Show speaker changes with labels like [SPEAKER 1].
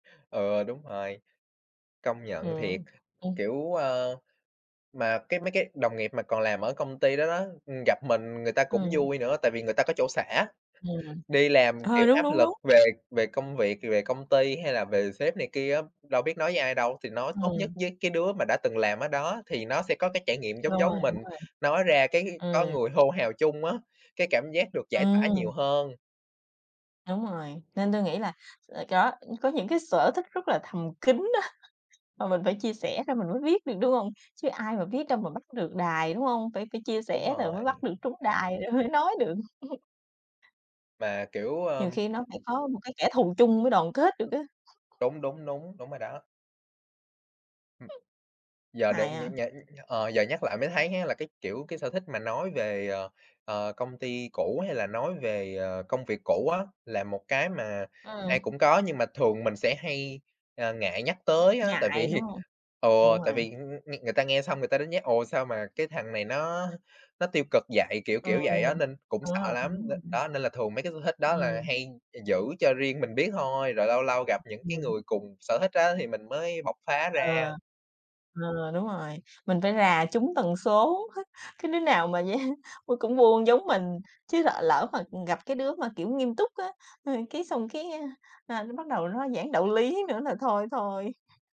[SPEAKER 1] Ừ, đúng rồi, công nhận thiệt.
[SPEAKER 2] Ừm. Ừm.
[SPEAKER 1] Kiểu, à mà cái mấy cái đồng nghiệp mà còn làm ở công ty đó đó, ừm, gặp mình người ta cũng
[SPEAKER 2] Ừm.
[SPEAKER 1] vui nữa tại vì người ta có chỗ xả.
[SPEAKER 2] [unintelligible]
[SPEAKER 1] Đi làm, kiểu,
[SPEAKER 2] Ờ, đúng,
[SPEAKER 1] áp
[SPEAKER 2] đúng,
[SPEAKER 1] lực
[SPEAKER 2] đúng.
[SPEAKER 1] về về công việc, về công ty hay là về sếp này kia á, đâu biết nói với ai đâu thì nói tốt nhất
[SPEAKER 2] [unintelligible]
[SPEAKER 1] với cái đứa mà đã từng làm ở đó thì nó sẽ có cái trải
[SPEAKER 2] [unintelligible]
[SPEAKER 1] nghiệm giống
[SPEAKER 2] Đúng rồi.
[SPEAKER 1] giống mình, nói ra cái có
[SPEAKER 2] Ừm.
[SPEAKER 1] người hô hào chung á, cái cảm giác được giải tỏa
[SPEAKER 2] Ừm.
[SPEAKER 1] nhiều hơn.
[SPEAKER 2] Đúng rồi, nên tui nghĩ là là có, có những cái sở thích rất là thầm kín á, mà mình phải chia sẻ ra mình mới biết được, đúng hông? Chứ ai mà biết đâu mà bắt được đài, đúng hông? Phải phải chia
[SPEAKER 1] Đúng
[SPEAKER 2] sẻ rồi mới bắt
[SPEAKER 1] rồi.
[SPEAKER 2] được trúng đài rồi mới nói được.
[SPEAKER 1] Mà, kiểu,
[SPEAKER 2] Nhiều
[SPEAKER 1] ờm
[SPEAKER 2] khi nó phải có một cái kẻ thù chung mới đoàn kết được
[SPEAKER 1] [unintelligible]
[SPEAKER 2] á.
[SPEAKER 1] Đúng, đúng, đúng, đúng rồi đó. Hừm. Giờ để
[SPEAKER 2] Hài
[SPEAKER 1] nh
[SPEAKER 2] à?
[SPEAKER 1] nh nh ờ, giờ nhắc lại mới thấy á là, cái, kiểu, cái sở thích mà nói về, ờ, ờ công ty cũ hay là nói về, ờ, công việc cũ á, là một cái mà
[SPEAKER 2] Ừm.
[SPEAKER 1] ai cũng có nhưng mà thường mình sẽ hay, à, ngại nhắc tới á, tại
[SPEAKER 2] Ngại, đúng
[SPEAKER 1] vì,
[SPEAKER 2] hông?
[SPEAKER 1] ừ,
[SPEAKER 2] Đúng
[SPEAKER 1] tại
[SPEAKER 2] rồi.
[SPEAKER 1] vì, ưm, ưm, nghe người ta nghe xong người ta đánh giá: "Ồ sao mà cái thằng này nó nó tiêu cực vậy?" Kiểu kiểu, vậy á,
[SPEAKER 2] Ừm,
[SPEAKER 1] nên cũng
[SPEAKER 2] đúng
[SPEAKER 1] sợ
[SPEAKER 2] rồi
[SPEAKER 1] lắm đ
[SPEAKER 2] [unintelligible]
[SPEAKER 1] đó nên là thường mấy cái sở thích đó là
[SPEAKER 2] Ừm.
[SPEAKER 1] hay gi giữ cho riêng mình biết thôi, rồi lâu lâu gặp
[SPEAKER 2] [unintelligible]
[SPEAKER 1] những cái
[SPEAKER 2] Ừm.
[SPEAKER 1] người cùng sở thích á thì mình mới bộc phá
[SPEAKER 2] Ừ.
[SPEAKER 1] ra.
[SPEAKER 2] Ừ, đúng rồi, mình phải rà trúng tần số, cái đứa nào mà vậy, ôi, cũng buôn giống mình, chứ lỡ lỡ mà, ừm, gặp cái đứa mà, kiểu, nghiêm túc á, h cái xong cái, a, ra bắt đầu nó giảng đạo lý nữa là thôi thôi.